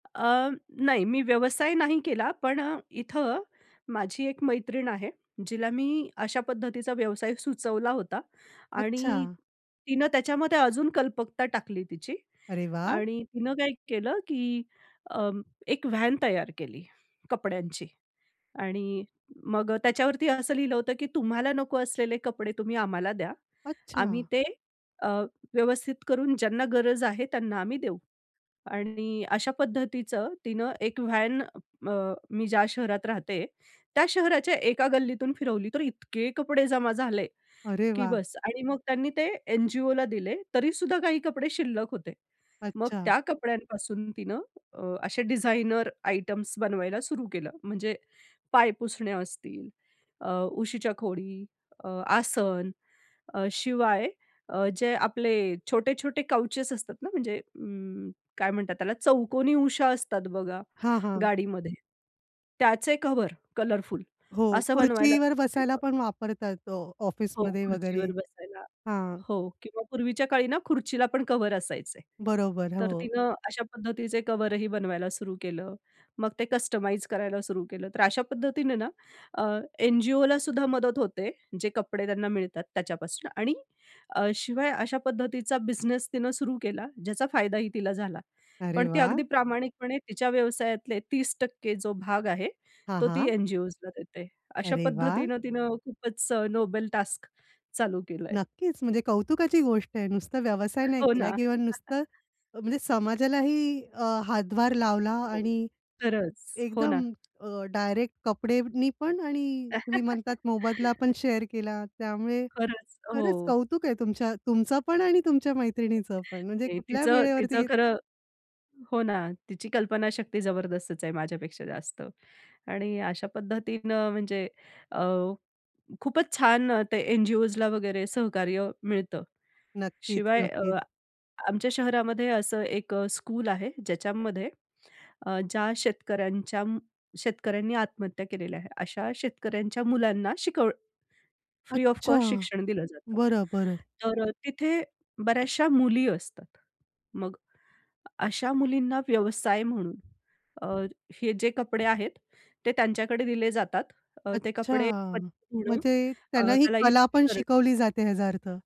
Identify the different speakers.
Speaker 1: अ, नाही, मी व्यवसाय नाही केला, पण अ, इथं माझी एक मैत्रीण आहे, जिला मी अशा पद्धतीचा व्यवसाय सुचवला होता आणि
Speaker 2: अच्छा.
Speaker 1: तिनं त्याच्यामध्ये अजून कल्पकता टाकली तिची
Speaker 2: अरे वाह!
Speaker 1: आणि तिनं काय केलं, की अं, एक व्हॅन तयार केली कपड्यांची आणि मग अ, त्याच्यावरती असं लिहिलं होतं की तुम्हाला नको असलेले कपडे तुम्ही आम्हाला द्या, आम्ही
Speaker 2: अच्छा.
Speaker 1: ते अ, व्यवस्थित करून ज्यांना गरज आहे त्यांना आम्ही देऊ. आणि अशा पद्धतीचं तिनं एक व्हॅन अ, मी ज्या शहरात राहते, त्या शहराच्या एका गल्लीतून फिरवली, तर इतके कपडे जमा झाले
Speaker 2: अरे
Speaker 1: की
Speaker 2: वाह!
Speaker 1: बस. आणि मग त्यांनी ते एन-जी-ओला दिले, तरी सुद्धा काही कपडे शिल्लक होते. मग
Speaker 2: अच्छा.
Speaker 1: त्या कपड्यांपासून तिनं अ, असे डिझाइनर आयटम्स बनवायला सुरू केलं. म्हणजे पायपुसण्या असतील, अ, उशीच्या खोळी, अ, आसन, अ, शिवाय अ, जे आपले छोटे-छोटे काउचेस असतात ना म्हणजे अं, काय म्हणतात त्याला चौकोनी उशा असतात बघा
Speaker 2: हां, हां.
Speaker 1: गाडीमध्ये. त्याचे कव्हर, कलरफुल
Speaker 2: हो,
Speaker 1: असं बनवायला
Speaker 2: खुर्चीवर
Speaker 1: सुरू
Speaker 2: बसायला
Speaker 1: केलं.
Speaker 2: पण वापरतात. हो,
Speaker 1: हो,
Speaker 2: ऑफिसमध्ये वगैरे.
Speaker 1: खुर्चीवर बसायला.
Speaker 2: हां.
Speaker 1: हो किंवा पूर्वीच्या काळी ना खुर्चीला पण कव्हर असायचे.
Speaker 2: बरोबर,
Speaker 1: तर
Speaker 2: हो.
Speaker 1: तिनं अशा पद्धतीचे कव्हरही बनवायला सुरू केलं. मग ते कस्टमाइज करायला सुरू केलं. तर अशा पद्धतीने ना अ, एन-जी-ओला सुद्धा मदत होते, जे कपडे त्यांना मिळतात त्याच्यापासनं आणि अ, शिवाय अशा पद्धतीचा बिझनेस तिनं सुरू केला ज्याचा फायदाही तिला झाला.
Speaker 2: अरे
Speaker 1: पण ती
Speaker 2: वाह!
Speaker 1: अगदी प्रामाणिकपणे तिच्या व्यवसायातले 30% जो भाग आहे,
Speaker 2: हां,
Speaker 1: तो ती
Speaker 2: हां.
Speaker 1: एन-जी-ओजला देते. अशा
Speaker 2: अरे वाह!
Speaker 1: पद्धतीनं तिनं खूपच अ, नोबेल टास्क चालू केलंय.
Speaker 2: नक्कीच. म्हणजे कौतुकाची गोष्ट आहे नुसतं व्यवसाय नाही
Speaker 1: हो ना.
Speaker 2: केला किंवा नुसतं अ म्हणजे समाजालाही अ, हातभार लावला
Speaker 1: हो,
Speaker 2: आणि
Speaker 1: खरंच. हो ना.
Speaker 2: एकदम अ, डायरेक्ट अ, कपडेनी पण आणि तुम्ही म्हणतात मोबदला पण शेअर केला. त्यामुळे
Speaker 1: खरंच,
Speaker 2: खरंच
Speaker 1: हो.
Speaker 2: कौतुक आहे तुमच्या तुमचं पण आणि तुमच्या मैत्रिणीचं पण. म्हणजे
Speaker 1: ते
Speaker 2: कुठल्या
Speaker 1: तिचं
Speaker 2: वेळेवरती
Speaker 1: तिचं
Speaker 2: गे
Speaker 1: खरं हो ना, तिची कल्पनाशक्ती जबरदस्तच आहे माझ्यापेक्षा जास्त आणि अशा पद्धतीनं म्हणजे अ, खूपच छान अ, ते एन-जी-ओजला वगैरे सहकार्य मिळतं.
Speaker 2: नक्कीच,
Speaker 1: शिवाय अ,
Speaker 2: नक्कीच.
Speaker 1: आमच्या शहरामध्ये असं एक अ, स्कूल आहे, ज्याच्यामध्ये अ, ज्या शेतकऱ्यांच्या अं, शेतकऱ्यांनी आत्महत्या केलेल्या आहे. अशा शेतकऱ्यांच्या मुलांना शिकवण फ्री ऑफ
Speaker 2: अच्छा.
Speaker 1: कॉस्ट शिक्षण दिलं जातं.
Speaker 2: बरं, बरं.
Speaker 1: तर अ, तिथे बऱ्याचशा मुली असतात. मग अशा मुलींना व्यवसाय म्हणून अ, हे जे कपडे आहेत, ते त्यांच्याकडे दिले जातात अ, ते
Speaker 2: अच्छा,
Speaker 1: कपडे [unintelligible] धुणं,
Speaker 2: म्हणजे
Speaker 1: अ,
Speaker 2: त्यांना ही
Speaker 1: त्याला
Speaker 2: कला
Speaker 1: इस्त्री
Speaker 2: पण
Speaker 1: करणं
Speaker 2: शिकवली जाते याचा अर्थ.